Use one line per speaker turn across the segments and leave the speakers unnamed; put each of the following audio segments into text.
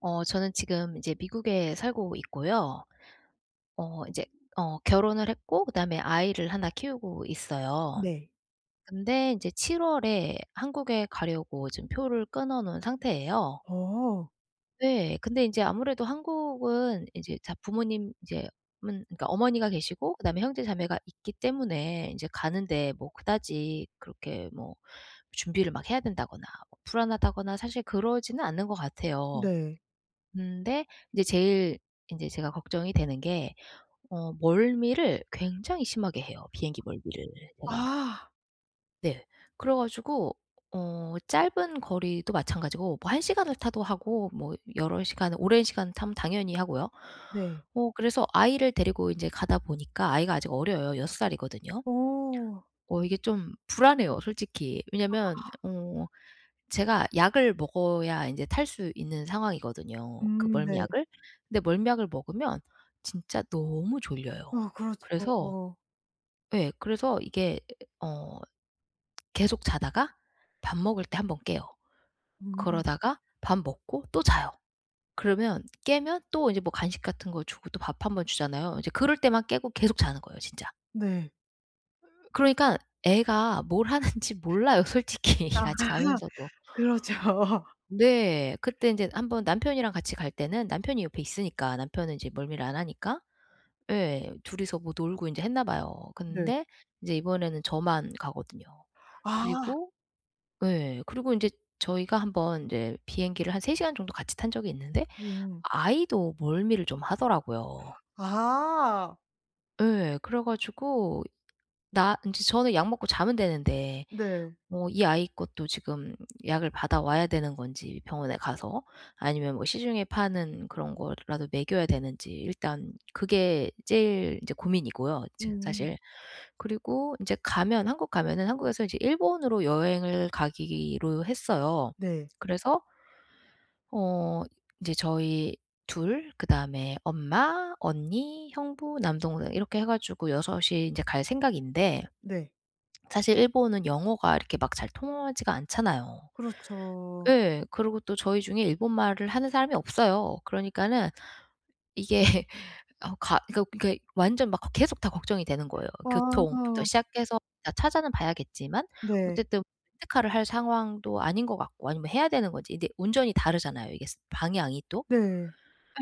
어 저는 지금 이제 미국에 살고 있고요. 어 이제 어 결혼을 했고 그 다음에 아이를 하나 키우고 있어요.
네.
근데 인제 7 월에 한국에 가려고 지금 표를 끊어 놓은 상태예요.
어.
네. 근데 인제 아무래도 한국은 인제 자 부모님 이제 어머니가 계시고 그 다음에 형제 자매가 있기 때문에 인제 가는 데에 뭐 그다지 그렇게 뭐 준비를 막 해야 된다거나 불안하다거나 사실 그러지는 않는 것 같아요.
네.
근데 이제 제일 인제 제가 걱정이 되는 게 어 멀미를 굉장히 심하게 해요. 비행기 멀미를 제가.
아.
네. 그래 가지고 어 짧은 거리도 마찬가지고 뭐 한 시간을 타도 하고 뭐 여러 시간을 오랜 시간 타면 당연히 하고요.
네.
뭐 그래서 아이를 데리고 인제 가다 보니까 아이가 아직 어려요. 6 살이거든요.
어.
어 이게 좀 불안해요. 솔직히. 왜냐면
아.
어 제가 약을 먹어야 인제 탈 수 있는 상황이거든요, 그
음 네.
멀미약을. 근데 멀미약을 먹으면 진짜 너무 졸려요.
어
그래서
그렇죠.
예 그래서 이게 어 계속 자다가 밥 먹을 때 한 번 깨요.
음.
그러다가 밥 먹고 또 자요. 그러면 깨면 또 인제 뭐 간식 같은 거 주고 또 밥 한 번 주잖아요. 이제
네.
그럴 때만 깨고 계속 자는 거예요, 진짜.
네.
그러니까 애가 뭘 하는지 몰라요. 솔직히
아
같이 가면서도.
그렇죠.
네. 그때 인제 한 번 남편이랑 같이 갈 때는 남편이 옆에 있으니까 남편은 인제 멀미를 안 하니까 예 둘이서 뭐 놀고 인제 했나 봐요.
네.
근데 이제 이번에는 저만 가거든요.
아.
그리고 예. 그리고 인제 저희가 한 번 인제 비행기를 한 3 시간 정도 같이 탄 적이 있는데
음.
아이도 멀미를 좀 하더라고요.
아.
예. 그래 가지고 나 인제 저는 약 먹고 자면 되는데
네.
뭐 이 아이 것도 지금 약을 받아 와야 되는 건지 병원에 가서, 아니면 뭐 시중에 파는 그런 거라도 먹여야 되는지 일단 그게 제일 이제 고민이고요 지금
음.
사실. 그리고 인제 가면 한국 가면은 한국에서 이제 일본으로 여행을 가기로 했어요.
네.
그래서 어 이제 저희 2 그다음에 엄마, 언니, 형부, 남동생 이렇게 해 가지고 6 이 인제 갈 생각인데
네.
사실 일본은 영어가 이렇게 막 잘 통하지가 않잖아요.
그렇죠.
예. 그러고 또 저희 중에 일본 말을 하는 사람이 없어요. 그러니까는 이게 아우 가 이거 이게 완전 막 걱 계속 다 걱정이 되는 거예요. 교통부터
와.
시작해서 다 찾아는 봐야겠지만
네.
어쨌든 렌트카를 할 상황도 아닌 것 같고 아니면 해야 되는 건지. 근데 운전이 다르잖아요 이게 스 방향이 또.
네.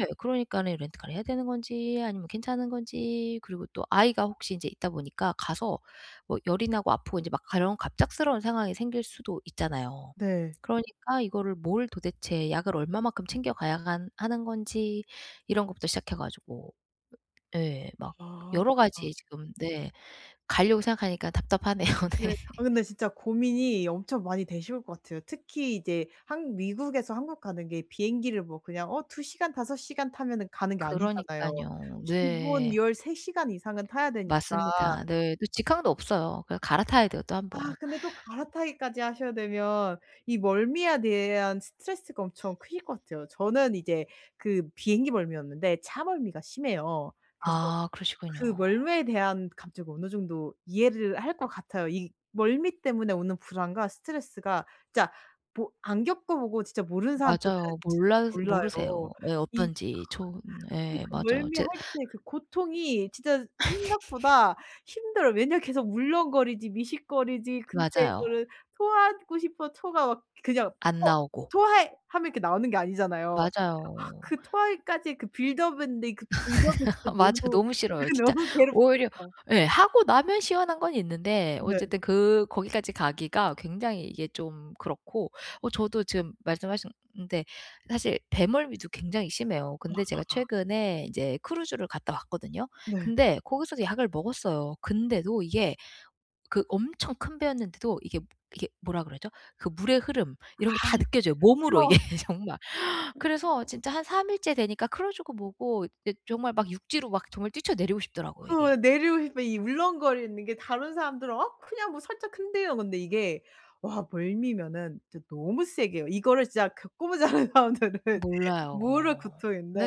예. 그러니까는 렌트카를 해야 되는 건지 아니면 괜찮은 건지 그리고 또 아이가 혹시 인제 있다 보니까 가서 뭐 열이 나고 아프고 인제 막 가려운 갑작스러운 상황이 생길 수도 있잖아요.
네.
그러니까 이거를 뭘 도대체 약을 얼마만큼 챙겨 가야 한 하는 건지 이런 것부터 시작해 가지고 예. 막 여러
아.
가지 지금 네 가려고 생각하니까 답답하네요.
네
네.
아 근데 진짜 고민이 엄청 많이 되실 것 같아요. 특히 이제 한국 미국에서 한국 가는 게 비행기를 뭐 그냥 어 2 시간 5 시간 타면은 가는 게 아니잖아요.
그러니깐요.
기본
네.
13 시간 이상은 타야 되니까.
맞습니다 네. 그 직항도 없어요. 그냥 갈아타야 돼요 또 1
아
번.
근데 또 갈아타기까지 하셔야 되면 이 멀미에 대한 스트레스가 엄청 크실 것 같아요. 저는 이제 그 비행기 멀미는 없는데 차멀미가 심해요. 그래서
아
그
그러시군요.
멀미에 대한 감정을 어느 정도 이해를 할 것 같아요. 이 멀미 때문에 오는 불안과 스트레스가 진짜 뭐 안 겪어 보고 진짜 모르는 사람들은
맞아요.
진짜
몰라서
몰라요.
모르세요 예
이
어떤지. 좋은
그
예
그
맞아요. 제
멀미할 때 그 고통이 진짜 생각보다 힘들어요. 왜냐하면 계속 울렁거리지 미식거리지 근데
맞아요.
이거를 토하고 싶어도 토가 막 그냥
안
"어
나오고.
토해." 하면 이렇게 나오는 게 아니잖아요. 아
맞아요.
그 토하기까지의 그 빌드업 있는데 그 빌드업이 진짜
맞아.
너무
너무
그게
싫어요 진짜.
너무
오히려
괴롭잖아요.
예 하고 나면 시원한 건 있는데
네.
어쨌든 그 거기까지 가기가 굉장히 이게 좀 그렇고. 어 저도 지금 말씀하셨는데 사실 배멀미도 굉장히 심해요.
아,
근데
아,
제가
아.
최근에 인제 크루즈를 갔다 왔거든요.
네.
근데 거기서도 약을 먹었어요. 근데도 이게 그 엄청 큰 배였는데도 이게, 이게 뭐라 그러죠? 그 물의 흐름
아.
이런 게 다 느껴져요. 몸으로 이게
그죠?
정말. 그래서 진짜 한 3 일째 되니까 크루즈고 뭐고 이제 정말 막 육지로 막 정말 뛰쳐 내리고 싶더라고요.
그
이게.
왜 내려오실 때 이 울렁거리는 게 다른 사람들은 어 그냥 뭐 살짝 한대요 근데 이게 와 멀미면은 진짜 너무 세게 해요. 이거를 진짜 겪어 보지 않은 사람들은 모를
몰라요.
고통인데.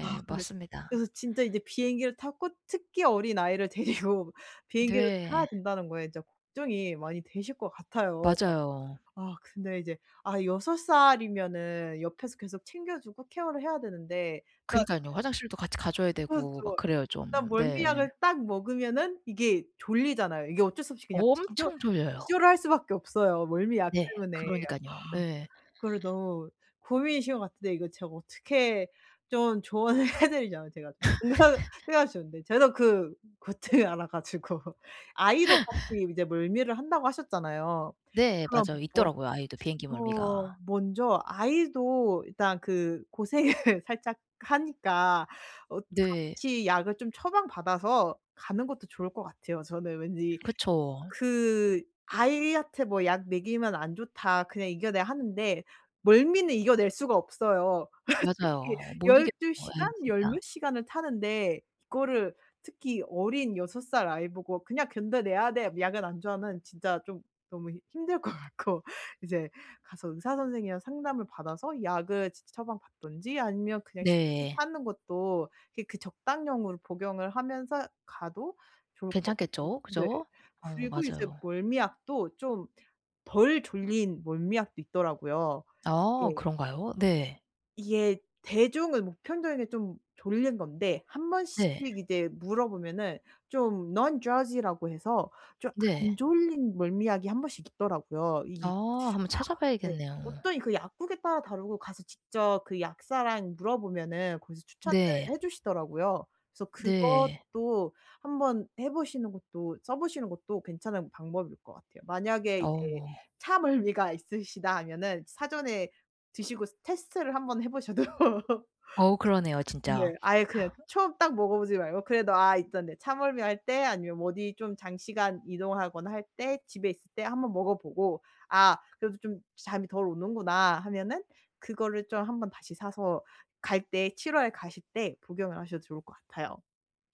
아 근데 그래서
맞습니다.
진짜 인제 비행기를 타고 특히 어린아이를 데리고 비행기를 타야
네.
된다는 거에 진짜 걱정이 많이 되실 것 같아요 막.
맞아요.
아 근데 이제 아 6 살이면은 옆에서 계속 챙겨 주고 케어를 해야 되는데. 딱
그러니깐요. 화장실도 같이 가 줘야
그렇죠.
되고 막 그래요
일단
좀. 네.
멀미약을 딱 먹으면은 이게 졸리잖아요. 이게 어쩔 수 없이 그냥 지 기절
엄청 졸려요.
기절을 할 수밖에 없어요 멀미약
네
때문에.
그러니깐요.
아
예.
그거를 너무 고민이신 것 같은데 이거 제가 어떻게 좀 조언을 해 드리자면 제가 공감을 해야 쉬운데 저는 그 고통을 알아 가지고 아이도 같이 이제 멀미를 한다고 하셨잖아요.
네
그럼
맞아요.
뭐
있더라고요 아이도 비행기
어
멀미가.
먼저 아이도 일단 그 고생을 살짝 하니까 어
네.
같이 약을 좀 처방 받아서 가는 것도 좋을 것 같아요 저는 왠지.
그쵸.
그 아이한테 뭐 "약 먹이면 안 좋다. 그냥 이겨내." 하는데 멀미는 이겨낼 수가 없어요. 특히
맞아요. 못 이기는
12
거예요
시간?
에이
10 몇
진짜.
시간을 타는데 이거를 특히 어린 6 살 아이보고 "그냥 견뎌내야 돼. 약은 안 좋아." 하면 진짜 좀 너무 힘들 것 같고. 이제 가서 의사 선생이랑 상담을 받아서 약을 치치 처방 받든지 아니면 그냥 시중에
네.
파는 것도 그 그 적당량으로 복용을 하면서 가도 좋을 것 같고.
괜찮겠죠?
네.
그죠? 어
그리고 이제
맞아요.
멀미약도 좀 덜 졸린 멀미약도 있더라고요.
아
예.
그런가요? 네.
이게 대중은 보편적인 게 좀 졸린 건데 한 번씩
네.
이제 물어보면은 좀 non-drowsy라고 해서 좀 안
네.
졸린 멀미약이 한 번씩 있더라고요. 이
아 한번
아 네.
찾아봐야겠네요.
어떤 그 약국에 따라 다르고 가서 직접 그 약사랑 물어보면은 거기서 추천을
네.
해 주시더라고요. 그래서
네.
그것도 한번 해보시는 것도 써보시는 것도 괜찮은 방법일 것 같아요. 만약에 이제
어.
차멀미가 있으시다 하면은 사전에 드시고 테스트를 한 번 해보셔도.
어우 그러네요
네
진짜.
아예 그냥 처음 딱 먹어보지 말고 그래도 아 있던데 차멀미할 때 아니면 뭐 어디 좀 장시간 이동하거나 할 때 집에 있을 때 한번 먹어보고 '아 그래도 좀 잠이 덜 오는구나.' 하면은 그거를 좀 한번 다시 사서 갈 때 7 월에 가실 때 복용을 하셔도 좋을 것 같아요.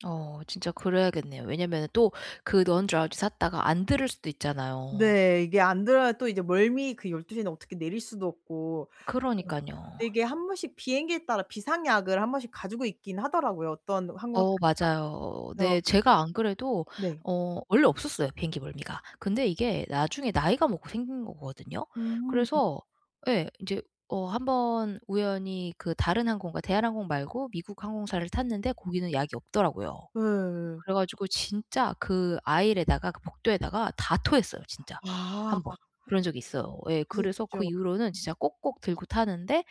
어 진짜 그래야겠네요. 왜냐면은 또 그 non-drowsy 샀다가 안 들을 수도 있잖아요.
네 이게 안 들어야 또 이제 멀미 그 12:00/ 에는 어떻게 내릴 수도 없고. 그니까
그러니깐요.
그 이게 한 번씩 비행기에 따라 비상약을 한 번씩 가지고 있긴 하더라고요. 어떤 항공사에서나
어 맞아요. 어
그래서.
네. 제가 안 그래도
네.
어 원래 없었어요 비행기 멀미가. 근데 이게 나중에 나이가 먹고 생긴 거거든요.
음.
그래서 예 이제 어 한번 우연히 그 다른 항공과 대한항공 말고 미국 항공사를 탔는데 거기는 약이 없더라고요.
예.
그래 가지고 진짜 그 aisle에다가 그 복도에다가 다 토했어요 진짜
아.
1 번. 그런 적이 있어요. 예 그래서 그
북쪽.
이후로는 진짜 꼭꼭 들고 타는데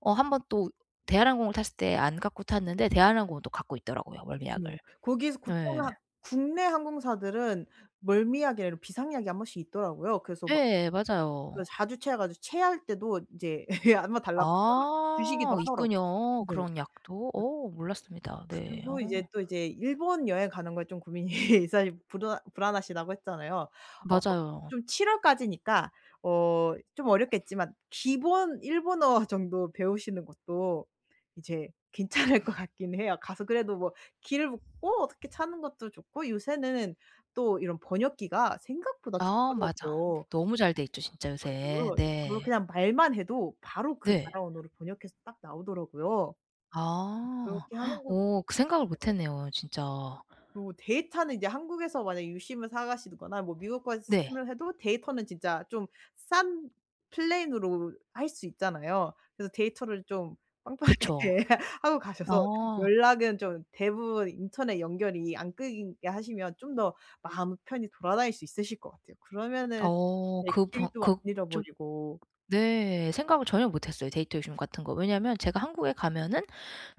어 한번 또 대한항공을 탔을 때 안 갖고 탔는 데 대한항공은 또 갖고 있더라고요 멀미약을.
음 거기서
네.
보통 한 국내 항공사들은 멀미약이랑 이런 비상약이 한 번씩 있더라고요. 그래서 막
예 맞아요.
저 자주 체해 가지고 체할 때도 인제 한번 달라고 하면
아
주시기도 하더라고요.
있군요
네.
그런 약도. 어 몰랐습니다. 네.
그리고 이제
어.
또 이제 일본 여행 가는 거에 좀 고민이 있어 불안 불안하시다고 했잖아요. 어
맞아요.
좀 7월까지니까 어 좀 어렵겠지만 기본 일본어 정도 배우시는 것도 이제 괜찮을 것 같긴 해요. 가서 그래도 뭐 길을 묻고 어떻게 타는 것도 좋고 요새는 또 이런 번역기가 생각보다
아 맞아.
좋더라고요.
너무 잘 돼있죠 진짜
그
요새.
그거
네.
그냥 말만 해도 바로 그
네.
나라 언어를 번역해서 딱 나오더라고요.
아.
그렇게 하는 것도
오 그
좋을
생각을
것 같아요.
못했네요 진짜.
그리고 데이터는 이제 한국에서 만약 유심을 사가시거나 뭐 미국 가서
네.
유심을 해도 데이터는 진짜 좀 싼 플랜으로 할 수 있잖아요. 그래서 데이터를 좀
그쵸.
빵빵하게 하고 가셔서
아.
연락은 좀 대부분 인터넷 연결이 안 끊기게 하시면 좀 더 마음 편히 돌아다닐 수 있으실 것 같아요. 그러면은
어
네
그 번
길도 안
그 쪽
잃어버리고.
네. 생각을 전혀 못했어요 데이터 유심 같은 거. 왜냐면 제가 한국에 가면은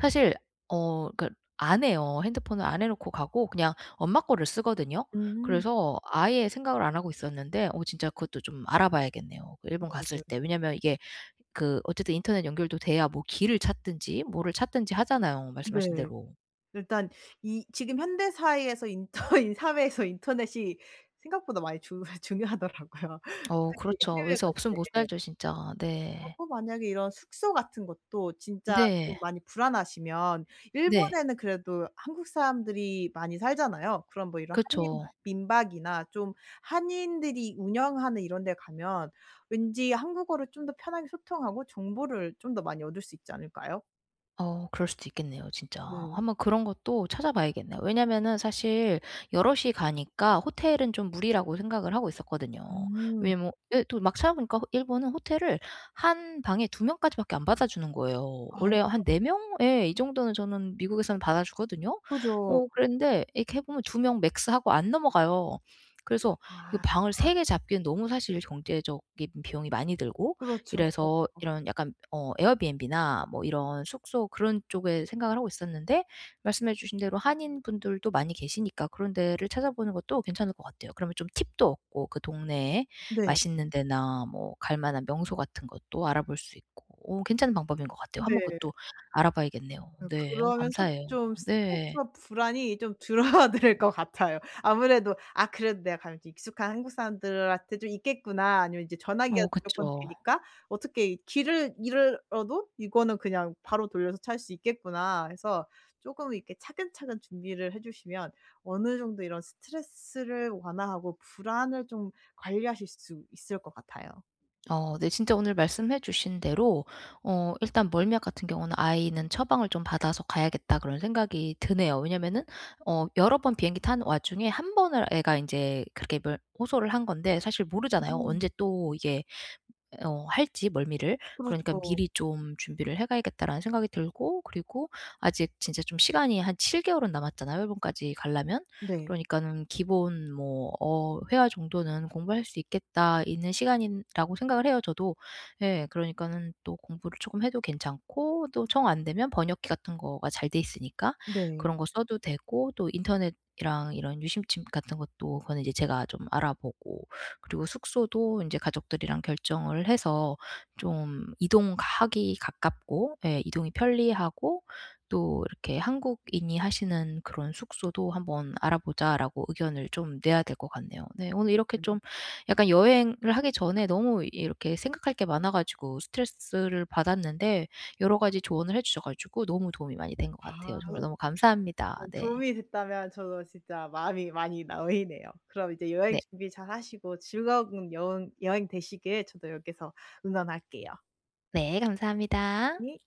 사실 어 그러니까 안 해요. 핸드폰을 안 해 놓고 가고 그냥 엄마 꺼를 쓰거든요.
음.
그래서 아예 생각을 안 하고 있었는데 어 진짜 그것도 좀 알아봐야겠네요 그
아
일본 갔을
네.
때. 왜냐하면 이게 그 어쨌든 인터넷 연결도 돼야 뭐 길을 찾든지 뭐를 찾든지 하잖아요 말씀하신
네.
대로.
일단 이 지금 현대사회에서 인터 이 사회에서 인터넷이 생각보다 많이 중 중요하더라고요.
어
특히
그렇죠.
해외
요새
갈
없으면 못
때.
살죠 진짜.
어
네.
그 만약에 이런 숙소 같은 것도 진짜 좀
네.
많이 불안하시면
네.
일본에는 그래도 한국 사람들이 많이 살잖아요. 그럼 뭐 이런 한인
그쵸.
민박이나 좀 한인들이 운영하는 이런 데 가면 왠지 한국어를 좀 더 편하게 소통하고 정보를 좀 더 많이 얻을 수 있지 않을까요?
어 그럴 수도 있겠네요, 진짜.
네.
한번 그런 것도 찾아 봐야겠네요. 왜냐면은 사실 여럿이 가니까 호텔은 좀 무리라고 생각을 하고 있었거든요.
음.
왜냐하면 예 또 막 찾아 보니까 일본은 호텔을 1 방에 2 명까지밖에 안 받아 주는 거예요.
아.
원래 한 4 명 예 이 정도는 저는 미국에서는 받아 주거든요.
그죠.
어 그랬는데 이렇게 해 보면 2 명 맥스 하고 안 넘어가요. 그래서 이거
아.
방을 3 개 잡기엔 너무 사실 경제적인 비용이 많이 들고
그렇죠.
이래서 이런 약간 어 에어비앤비나 뭐 이런 숙소 그런 쪽에 생각을 하고 있었는데, 말씀해 주신 대로 한인 분들도 많이 계시니까 그런 데를 찾아 보는 것도 괜찮을 것 같아요. 그러면 좀 팁도 얻고, 그 동네에
네.
맛있는 데나 뭐 갈 만한 명소 같은 것도 알아볼 수 있고 어 괜찮은 방법인 것 같아요. 한번
네.
그것도 알아 봐야겠네요.
네.
네 어
그러면서
감사해요.
좀
네.
스트레스와 불안이 좀 줄어들 것 같아요. 아무래도 '아 그래도 내가 가면 좀 익숙한 한국 사람들한테 좀 있겠구나.' 아니면 이제 전화기가
어,
무조건
그쵸.
되니까 '어떻게 이 길을 잃어도 이거는 그냥 바로 돌려서 찾을 수 있겠구나.' 해서 쪼끔 이렇게 차근차근 준비를 해 주시면, 어느 정도 이런 스트레스를 완화하고 불안을 좀 관리하실 수 있을 것 같아요.
어. 네 진짜 오늘 말씀해 주신 대로 어 일단 멀미약 같은 경우는 '아이는 처방을 좀 받아서 가야겠다.' 그런 생각이 드네요. 왜냐하면은 어 여러 번 비행기 타는 와중에 한 번을 애가 인제 그렇게 뭘 호소를 한 건데 사실
음
모르잖아요,
음.
언제 또 이게 어 할지 멀미를? '그러니까
그렇죠.
미리 좀 준비를 해 가야겠다.'라는 생각이 들고, 그리고 아직 진짜 좀 시간이 한 7 개월은 남았잖아요, 일본까지 가려면.
네.
그러니깐 기본 뭐 어 회화 정도는 공부할 수 있겠다 있는 시간이라고 생각을 해요, 저도. 예. 그러니까는 또 공부를 쪼금 해도 괜찮고, 또 정 안 되면 번역기 같은 거가 잘 돼 있으니까
네.
그런 거 써도 되고, 또 인터넷이랑 이런 유심칩 같은 것도 그거는 이제 제가 좀 알아보고. 그리고 숙소도 인제 가족들이랑 결정을 해서 좀 이동하기 가깝고 예 이동이 편리하고, 또 이렇게 "한국인이 하시는 그런 숙소도 한번 알아 보자."라고 의견을 좀 내야 될 것 같네요. 네. 오늘 이렇게
음.
좀 약간 여행을 하기 전에 너무 이렇게 생각할 게 많아 가지고 스트레스를 받았는데, 여러 가지 조언을 해 주셔 가지고 너무 도움이 많이 된 것
아. 아
같아요. 정말 너무
네.
감사합니다. 네.
도움이 됐다면 저도 진짜 마음이 많이 놓이네요. 그럼 이제 여행
네.
준비 잘하시고 즐거운 여행 여행 되시길 저도 여기에서 응원할게요.
네. 감사합니다.
네.